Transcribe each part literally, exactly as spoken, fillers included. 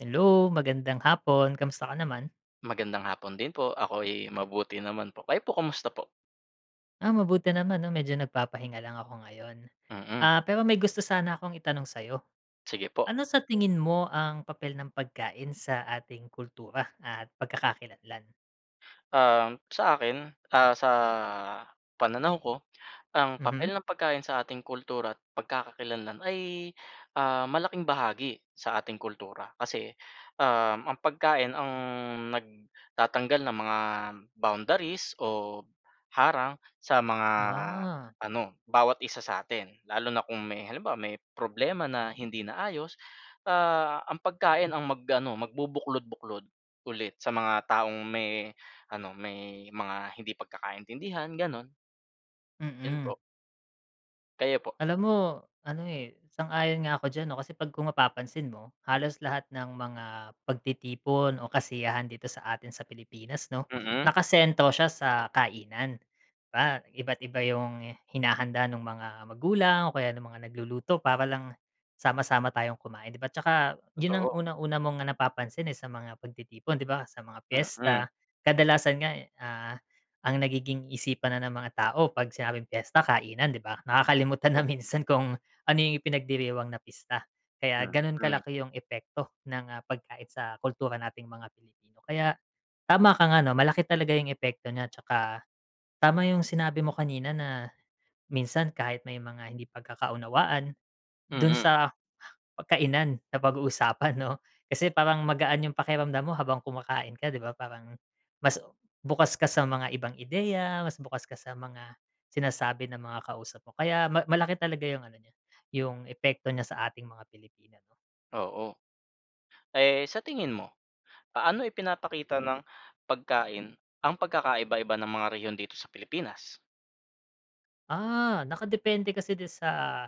Hello! Magandang hapon, kamusta ka naman? Magandang hapon din po, ako'y mabuti naman po. Kayo po kumusta po? Ah, mabuti naman 'no, medyo nagpapahinga lang ako ngayon. Mm. Ah, pero may gusto sana akong itanong sa'yo. Sige po. Ano sa tingin mo ang papel ng pagkain sa ating kultura at pagkakakilanlan? Um, sa akin, ah, sa pananaw ko ang Mhm. papel ng pagkain sa ating kultura at pagkakakilanlan ay, ah, malaking bahagi sa ating kultura. Kasi, um, ang pagkain ang nagtatanggal ng mga boundaries o harang sa mga Ah. ano, bawat isa sa atin. Lalo na kung may halimbawa may problema na hindi naayos, ah, ang pagkain ang mag ano magbubuklod-buklod ulit sa mga taong may ano, may mga hindi pagkakaintindihan, ganun. Yun Mm. po. Kayo po? Alam mo ano, eh, sang-ayon nga ako diyan 'no, kasi pag kung mapapansin mo, halos lahat ng mga pagtitipon o kasiyahan dito sa atin sa Pilipinas 'no, Mm. nakasentro siya sa kainan. Di ba, iba't iba yung hinahanda nung mga magulang o kaya nung mga nagluluto, para lang sama-sama tayong kumain 'di ba. At saka yun ang Totoo. unang-una mong napapansin, eh, sa mga pagtitipon 'di ba sa mga Mm. piyesta. Kadalasan nga, ah, ang nagiging isipan na ng mga tao pag sinabing piyesta kainan 'di ba, nakakalimutan na Oo. minsan kung ano yung ipinagdiriwang na pista. Kaya ganun Mm. kalaki yung epekto ng, ah, pagkain sa kultura nating mga Pilipino. Kaya tama ka 'no, malaki talaga yung epekto niya 'tsaka tama yung sinabi mo kanina na minsan kahit may mga hindi pagkakaunawaan, dun Mm. sa kainan napag-uusapan 'no. Kasi parang magaan yung pakiramdam mo habang kumakain ka di ba, parang mas bukas ka sa mga ibang ideya, mas bukas ka sa mga sinasabi ng mga kausap mo. Kaya ma malaki talaga yung ano niya, yung epekto niya sa ating mga Pilipino 'no. Oo. Eh, sa tingin mo, paano ipinapakita ng pagkain ang pagkakaiba-iba ng mga rehiyon dito sa Pilipinas? Ah, nakadepende kasi din sa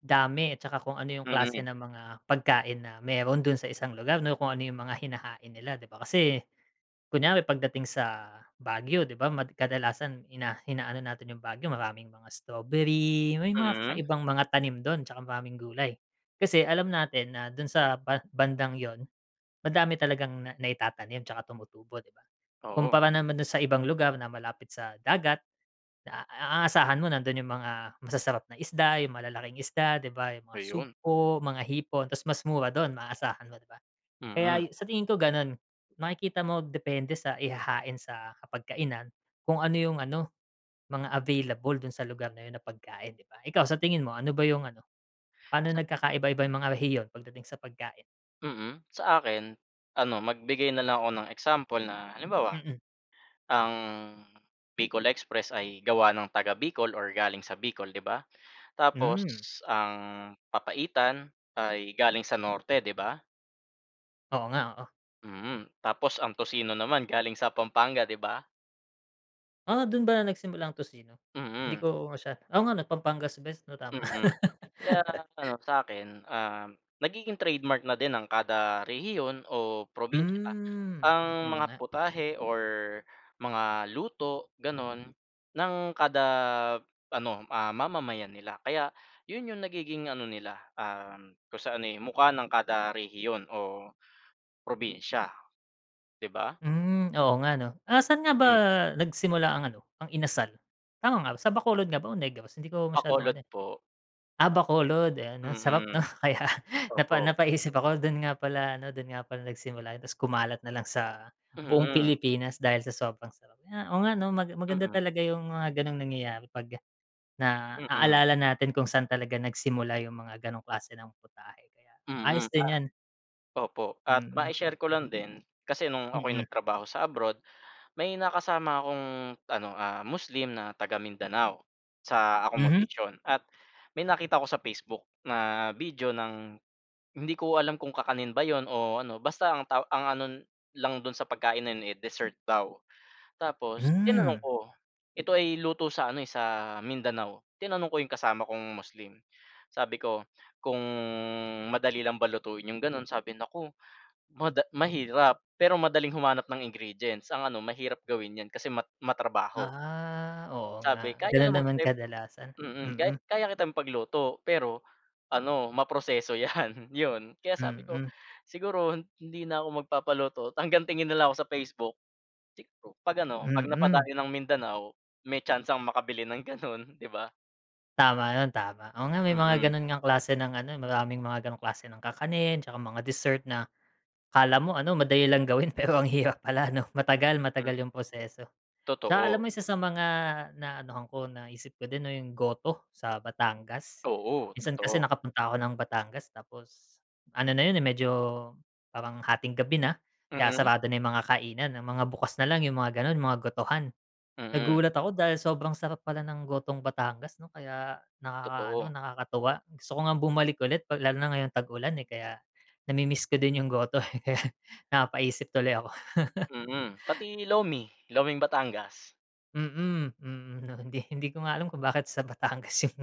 dami at saka kung ano yung klase Mm. ng mga pagkain na meron dun sa isang lugar 'no, kung ano yung mga hinahain nila 'di ba. Kasi kunware pagdating sa Baguio 'di ba, mad kadalasan ina inaano natin yung Baguio, maraming mga strawberry, may mga Mm. kakaibang mga tanim dun, 'tsaka maraming gulay. Kasi alam natin na dun sa ba bandang yun, madami talagang na naitatanim 'tsaka tumutubo, 'di ba? Oo. Kumpara naman dun sa ibang lugar na malapit sa dagat na a asahan mo nandun yung mga masasarap na isda, yung malalaking isda, 'di ba yung mga Ayun. sugpo, mga hipon, tapos mas mura dun maaasahan mo, 'di ba? Mm. Kaya sa tingin ko ganun, makikita mo depende sa ihahain sa hapagkainan, kung ano yung ano, mga available dun sa lugar na yun na pagkain, 'di ba? Ikaw sa tingin mo, ano ba yung ano, paano Sa. nagkakaiba-iba yung mga rehiyon pagdating sa pagkain? Mm. Sa akin, ano magbigay na lang ako ng example na halimbawa, Mm. ang Bicol express ay gawa ng taga-Bicol or galing sa Bicol 'di ba? Tapos Hmm. ang papaitan ay galing sa Norte, 'di ba? Oo nga, oo. Mm. Tapos ang tocino naman galing sa Pampanga, 'di ba? Ah, dun ba na nagsimula ang tocino? Mm. Hindi ko masya oo nga 'no, Pampanga's Best 'no tama. Mm. Kaya ano sa akin, um, nagiging trademark na din ng kada rehiyon o probinsiya Hmm, ang oo mga nga. putahe or mga luto gano'n ng kada ano, ah, mamamayan nila. Kaya 'yon yung nagiging ano nila, um, kung sa ano, eh, mukha ng kada rehiyon o probinsiya, 'di ba? Hmm, oo nga 'no. Ah, saan nga ba Hmm. nagsimula ang ano, ang inasal? Tama nga ba, sa Bacolod nga ba o Negros? Hindi ko masyadong Bacolod ano, eh. po. Ah, Bacolod ayan, ang sarap 'no. Mm, Kaya napa opo. napaisip ako, do'n nga pala ano dun nga pala nagsimula yun, tapos kumalat na lang sa buong Mhm. Pilipinas dahil sa sobrang sarap. Oo nga 'no mag maganda Mm. talaga yung mga ganong nangyayari, pag Mm. naaalala natin kung sa'n talaga nagsimula yung mga ganong klase ng putahe, kaya Mm, ayos din pa 'yan. opo at Mm. ma-i-share ko lang din. Kasi no'ng ako'y Mm. nagtrabaho sa abroad, may nakasama akong ano, ah, Muslim na taga-Mindanao sa Mhm. accomodation. At may nakita ako sa Facebook na video ng hindi ko alam kung kakanin ba 'yon o ano basta ang taw ang ano lang do'n sa pagkain na 'yon, eh, dessert daw. Tapos tinanong Hmm. ko, ito ay luto sa ano, eh, sa Mindanao. Tinanong ko 'yong kasama kong Muslim, sabi ko kung madali lang ba lutuin yung ganun, sabi naku mada mahirap pero madaling humanap ng ingredients, ang ano mahirap gawin yan kasi mat matrabaho. Ah, oo Sabi nga. kaya Ganun naman naman kita kadalasan, mm, kay mm. kaya kitang ipagluto pero ano ma-proseso 'yan 'yon. Kaya sabi ko Mm. siguro hindi na ako magpapaluto, hanggang tingin na lang ako sa Facebook 'pag ano 'pag Mm. napadayo ng Mindanao may tsansang makabili ng gano'n, 'di ba? Tama yun tama. Oo nga may mga Mm. ganun ngang klase ng ano, maraming mga ganong klase ng kakanin, 'tsaka mga dessert na akala mo ano, madali lang gawin, pero ang hirap pala 'no, matagal Mm. matagal yung proseso. 'Tsaka alam Totoo. mo isa sa mga naanuhan ko naisip ko din 'no, yung goto sa Batangas. Oo, Minsan kasi totoo. nakapunta ako ng Batangas tapos ano na yun, eh, medyo parang hating gabi na kaya Mm. sarado na yung mga kainan, ang mga bukas na lang yung mga ganun mga gotohan. Mm. Nagulat ako dahil sobrang sarap pala ng gotong Batangas 'no, kaya nakakaano, Totoo. nakakatuwa. Gusto ko ngang bumalik ulit pag lalo na ngayong tag-ulan, eh, kaya na-mi-miss ko din yung goto, kaya napapaisip tuloy ako. Mm, Pati Lomi, Loming Batangas. Mm, mm 'no. Hindi hindi ko nga alam kung bakit sa Batangas yung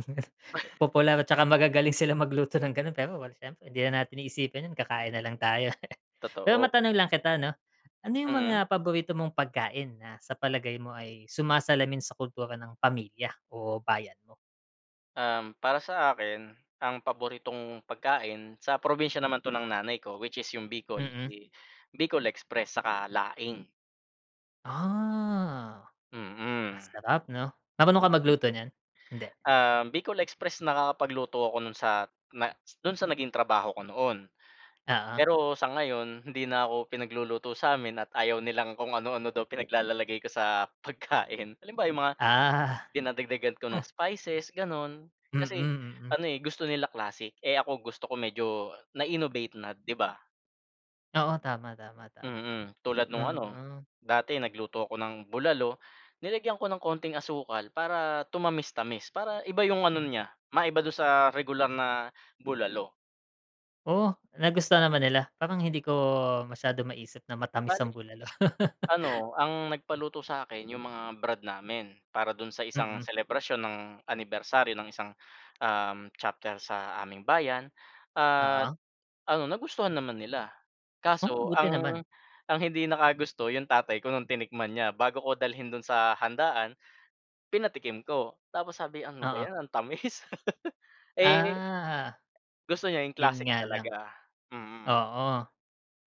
popular, 'tsaka magagaling silang magluto ng ganun. Pero wala, siyempre hindi na natin iisipin yun, kakain na lang tayo. Pero Totoo. matanong lang kita 'no, ano yung Mm. mga paborito mong pagkain na sa palagay mo ay sumasalamin sa kultura ng pamilya o bayan mo? Um, para sa akin, ang paboritong pagkain sa probinsiya naman 'to ng nanay ko which is 'yong Bicol, Mm. eh, Bicol express saka laing. Ah, Mm. masarap 'no. Marunong ka magluto niyan, hindi? Um, Bicol express, nakakapagluto ako nun sa na dun sa naging trabaho ko noon. Oo. Pero sa ngayon hindi na ako pinagluluto samin at ayaw nilang kung ano-ano daw pinaglalalagay ko sa pagkain. Halimbawa'yong mga Ah. dinadagdagan ko ng spices gano'n. Kasi Mm, mm. ano, eh, gusto nila classic, eh, ako gusto ko medyo na-innovate na, 'di ba? Oo, tama, tama, tama. Mm. Tulad nung ano, Mm. dati nagluto ako ng bulalo nilagyan ko ng konting asukal para tumamis-tamis. Para iba 'yong ano niya, maiba do'n sa regular na bulalo. Oh, nagustuhan naman nila. Parang hindi ko masyadong maisip na matamis ang Bale bulalo. ano ang nagpaluto sa'kin 'yong mga brad namin, para do'n sa isang Mm. selebrasyon ng anibersaryo ng isang, uhm, chapter sa aming bayan at Oo. ano nagustuhan naman nila. Oh! Kaso Buti ang naman. ang hindi nakagusto 'yong tatay ko nung tinikman niya. Bago ko dalhin do'n sa handaan pinatikim ko, tapos sabi, "Ano ba Oo. 'yan ang tamis," eh Ah, Gusto niya yung yun classic nga lang. talaga, mm. Oo,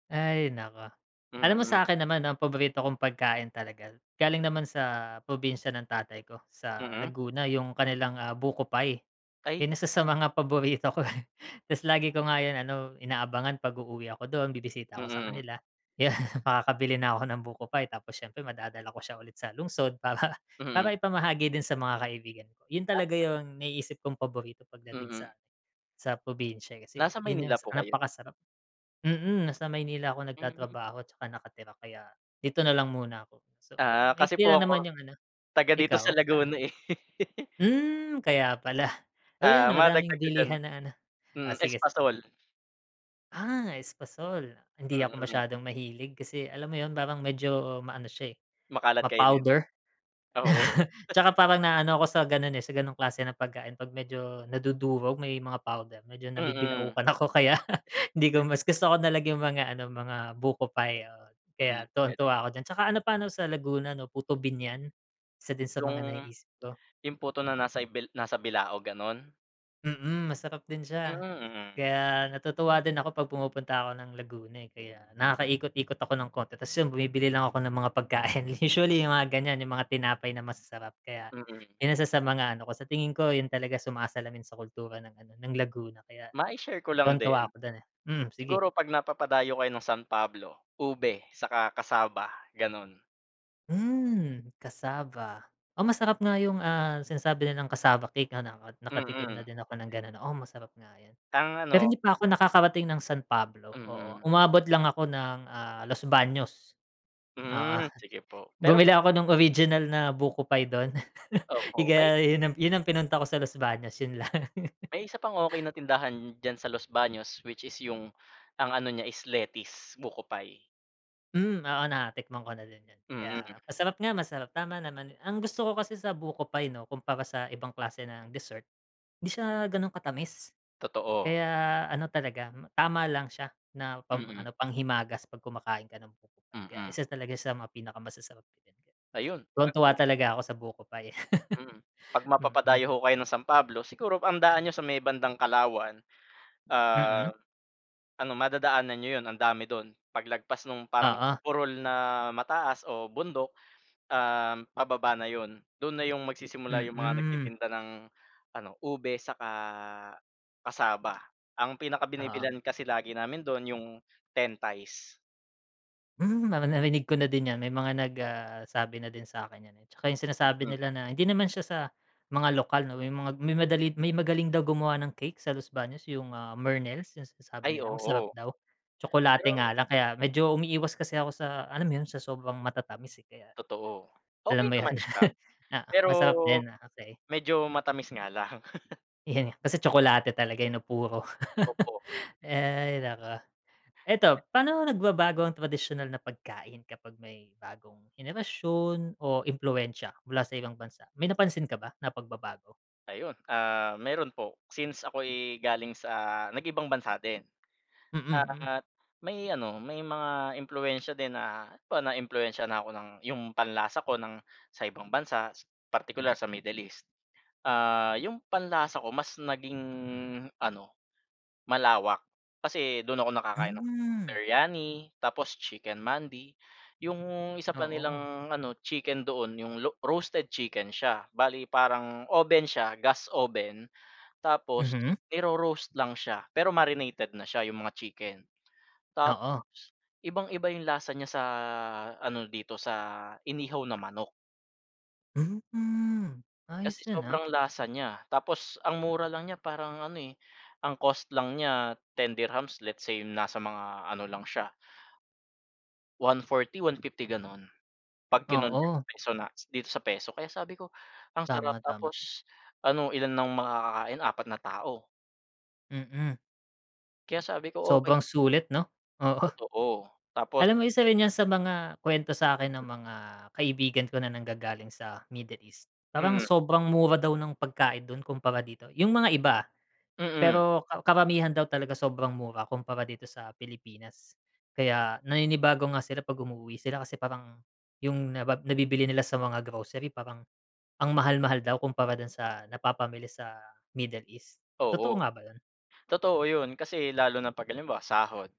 ay naku. Alam mo Mm. sa'kin naman 'no, ang paborito kong pagkain talaga, galing naman sa probinsya ng tatay ko sa Mm. Laguna, yung kanilang, ah, buko pie. Ay. 'Yan isa sa mga paborito ko, eh. Tapos lagi ko nga 'yon ano, inaabangan pag uuwi ako do'n, bibisita ako sa Mm. kanila kaya makakabili na ako ng buko pie tapos siyempre madadala ko siya ulit sa lungsod, para Mm. para ipamahagi din sa mga kaibigan ko. Yun talaga Tama. yung naiisip kong paborito pagdating sa Mm. sa probinsya, eh, kasi Nasa yun yung Maynila po kayo? napakasarap. Mm, nasa Maynila ako Mm. nagtatrabaho 'tsaka nakatira kaya dito na lang muna ako, so Ah, kasi maikli po lang naman ako yung ano. taga dito Ikaw sa saan? Laguna eh. Hmm, kaya pala. Oh, 'yan Ah, madagdag madaming ko diyan. bilihan na ano, Hmm ah, sige sige. espasol. Ah, espasol, hindi ako Mm. masyadong mahilig kasi alam mo 'yon parang medyo maano siya, eh, Makalat kainin, ma-powder. oo. 'Tsaka parang naano ako sa gano'n, eh, sa ganong klase ng pagkain 'pag medyo nadudurog, may mga powder, medyo Mm. nabibilaukan ako kaya hindi ko mas gusto ko nalang 'yong mga ano, mga buko pie, oo Mm, kaya puwede. tuwang-tuwa ako diyan. 'Tsaka ano pa 'no sa Laguna 'no, puto Biñan isa din sa 'Yong mga naiisip ko. 'yong puto na nasa ibil nasa bilao, gano'n? Mm, masarap din Mm, siya. mm. Kaya natutuwa din ako 'pag pumupunta ako ng Laguna, eh. Kaya nakaikot-ikot ako ng konti tapos 'yon bumibili lang ako ng mga pagkain. Usually, yung mga ganyan, yung mga tinapay na masasarap. Kaya Mm. 'yong isa sa mga ano ko, sa tingin ko yun talaga sumasalamin sa kultura ng ano ng Laguna. Kaya Ma i-share ko lang tuwang-tuwa din. ako dun, eh. Mm sige. Siguro 'pag napapadayo kayo ng San Pablo, ube saka cassava, gano'n. Hmm, cassava. Oh, masarap nga yung, ah, sinasabi nilang cassava cake, ah, naka nakatikim na Mm. din ako ng ganun, oo masarap nga yun. Ang Pero ano hindi pa ako nakakarating ng San Pablo, oo. Mm. Umabot lang ako ng, ah, Los Baños. Oo Hmm, sige po. Pero bumili ako nung original na buko pie dun. Opo. May Tiga yun yun ang pinunta ko sa Los Bas yun lang. May isa pang okey na tindahan diyan sa Los Baños, which is 'yong ang ano niya is Letty's buko pie. Hm, oo natikman ko na din 'yon, Mm. kaya masarap nga masarap tama naman. Ang gusto ko kasi sa buko pie 'no kumpara sa ibang klase ng dessert hindi siya gano'n katamis. Totoo. Kaya ano talaga tama lang siya na pang Mm. ano panghimagas 'pag kumakain ka ng buko pie, kaya Mm. isa talaga sa mga pinakamasasarap. Ayun. Tuwang-tuwa [unintelligible] talaga ako sa buko pie. Mm, pag Mm. mapapadayo ho kayo ng San Pablo siguro ang daan niyo sa may bandang Kalawan. Mm. Ah, ano madadaanan niyo 'yon ang dami do'n. Paglagpas nung parang Oo. burol na mataas o bundok, um, pababa na 'yon. Do'n na 'yong magsisimula 'yong mga Mm. nagtitinda ng ano ube saka cassava. Ang Oo. pinakabinibilhan kasi lagi namin do'n 'yong Ten Tays. Hmm, nari narinig ko na din yan, may mga nag ah, sabi na din sa akin niyan, eh. 'Tsaka yung sinasabi Hmm. nila na hindi naman siya sa mga lokal 'no, may mga may madali may magaling daw gumawa ng cake sa Los Baños, yung, ah, Mernels yung sinasabi Ay, nila masarap oo. daw. Tsokolate Pero nga lang kaya medyo, umiiwas kasi ako sa alam mo yun sa sobrang matatamis, eh kaya, Totoo. Okey alam mo 'yon, naman siya, oo pero masarap din, ah, okey. medyo matamis nga lang. 'Yan, kasi tsokolate talaga, eh, 'no puro. Opo. Hay naku. Eto paano nagbabago ang tradisyonal na pagkain kapag may bagong henerasyon o impluwensiya mula sa ibang bansa? May napansin ka ba na pagbabago? Ayun, ah, meron po. Since ako'y galing sa nag-ibang bansa din. Mm, mm. Ah, may ano may mga impluwensiya din na po naiimpluwensiya na ako ng 'yong panlasa ko ng sa ibang bansa, partikular sa Middle East. Ah, 'yong panlasa ko mas naging ano, malawak. Kasi do'n ako nakakain ng Hmm. biryani tapos chicken mandi. 'Yong isa pa Oo. nilang ano chicken doon 'yong lo roasted chicken siya, bale parang oven siya, gas oven tapos Mhm. i-ro-roast lang siya, pero marinated na siya 'yong mga chicken. Tapos Oo. ibang-iba 'yong lasa niya sa ano dito sa inihaw na manok. Hmm. Kasi Ayos yun, ah. sobrang lasa niya, tapos ang mura lang niya. Parang ano, eh, ang cost lang niya ten dirhams Let's say nasa mga ano, lang siya. One forty, one fifty ganun pag kinonvert sa Oo. peso na dito sa peso. Kaya sabi ko ang Tama, sarap tama. tapos ano ilan nang makakakain, apat na tao. Mm. Kaya sabi ko okey din. Sobrang sulit 'no? Oo. Totoo tapos Alam mo isa rin yan sa mga kwento sakin ng mga kaibigan ko na nanggagaling sa Middle East. Parang Mm. sobrang mura daw ng pagkain dun kumpara dito, yung mga iba, ah. Mm. Pero ka karamihan daw talaga sobrang mura kumpara dito sa Pilipinas. Kaya naninibago nga sila pag umuuwi sila, kasi parang yung nabab nabibili nila sa mga grocery parang ang mahal-mahal daw kumpara dun sa napapamili sa Middle East. Totoo Oo, nga ba yun? totoo 'yon. Kasi lalo na pag halimbawa sahod.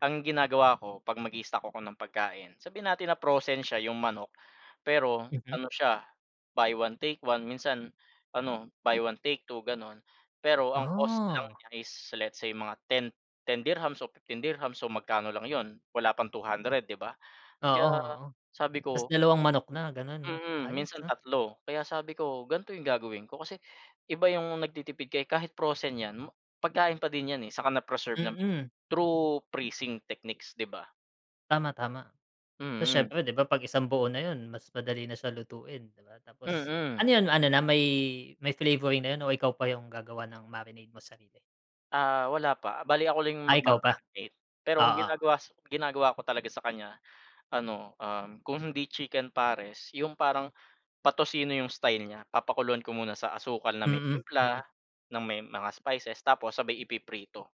Ang ginagawa ko 'pag mag-i-stock ako ng pagkain, sabihin natin na frozen siya 'yong manok. Pero Mhm. ano siya buy one take one, minsan ano, buy one take two gano'n. Pero ang cost lang Ah. niya is let's say mga ten ten dirhams o fifteen dirhams so magkano lang 'yon, wala pang two hundred 'di ba? Oo, Kaya oo. sabi Tapos ko dalawang manok na ganun 'no, Mm. ayos, Minsan ah. tatlo. Kaya sabi ko ganito 'yong gagawin ko kasi iba 'yong nagtitipid ka, eh, kahit frozen 'yan pagkain pa din 'yan, eh, saka na-preserve naman, Mm. through freezing techniques, 'di ba? Tama, tama. Tapos Mm. siyempre 'di ba pag isang buo na yun mas madali na siya lutuin 'di ba. Tapos Mm. ano yun, ano na may may flavoring na yun o ikaw pa yung gagawa ng marinate mo, sarili? Ah, wala pa, bale ako lang yung Ah, ikaw pa, magma-marinate. Pero ang oo. ginagawa sa ginagawa ko talaga sa kanya ano, um, kung hindi chicken pares yung parang patosino yung style niya papakuluan ko muna sa asukal na may Mm, timpla, mm. ng may mga spices, tapos sabay ipiprito.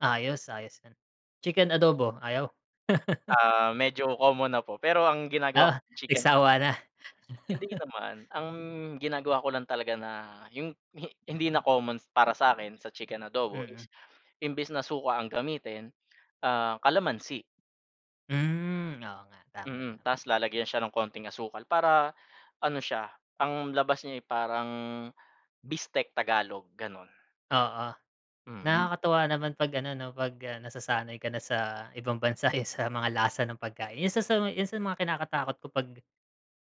Ayos, ayos yun. Chicken adobo ayaw? Ah, medyo common na po. Pero ang ginagawa ko Ah, chicken. nagsawa na. Hindi naman. Ang ginagawa ko lang talaga na yung hi hindi na common para sakin sa chicken adobo Mm. is, imbes na suka ang gamitin ah kalamansi. Hm, oo nga, tama, Mm, tama. tapos lalagyan siya ng konting asukal para ano siya ang labas niya, eh, parang bistek Tagalog, ganun. Oo. Mm. nakakatuwa naman 'pag ano 'no, 'pag nasasanay ka na sa ibang bansa, eh, sa mga lasa ng pagkain. 'Yon sa sa yun sa mga kinakatakot ko pag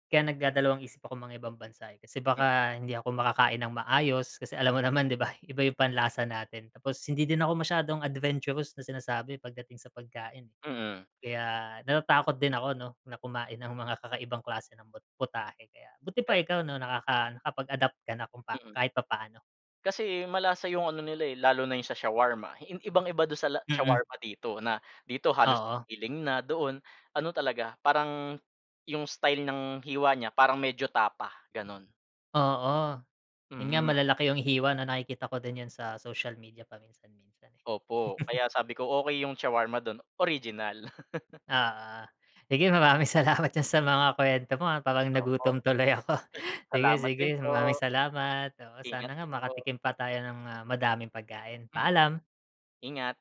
kaya nagdadalawang isip ako mangibang bansa, eh. Kasi Mm. baka hindi ako makakain ng maayos, kasi alam mo naman 'di ba, iba yung panlasa natin. Tapos hindi din ako masyadong adventurous na sinasabi pagdating sa pagkain. Mm. Kaya natatakot din ako 'no, na kumain ng mga kakaibang klase ng pu putahe. Kaya buti pa Eh. ikaw 'no, nakaka nakapag-adapt ka na kung Mm. kahit papaano. Kasi malasa yung ano nila, eh, lalo na yung sa shawarma i ibang-iba don sa la Mm. shawarma dito, na dito halos Oo. giling na, doon ano talaga, parang 'yong style ng hiwa niya parang medyo tapa, ganun. Oo. Yun nga Mm. malalaki yung hiwa 'no, nakikita ko din yan sa social media paminsan minsan, eh. Opo. Kaya sabi ko okey yung shawarma dun, original. Oo, sige maraming salamat diyan sa mga kuwento mo, ah, parang Opo. nagutom tuloy ako. Sige Salamat sige, din maraming po. salamat. Oo sana Ingat nga din po. makatikim pa tayo ng, ah, madaming pagkain. Hmm. Paalam. Ingat.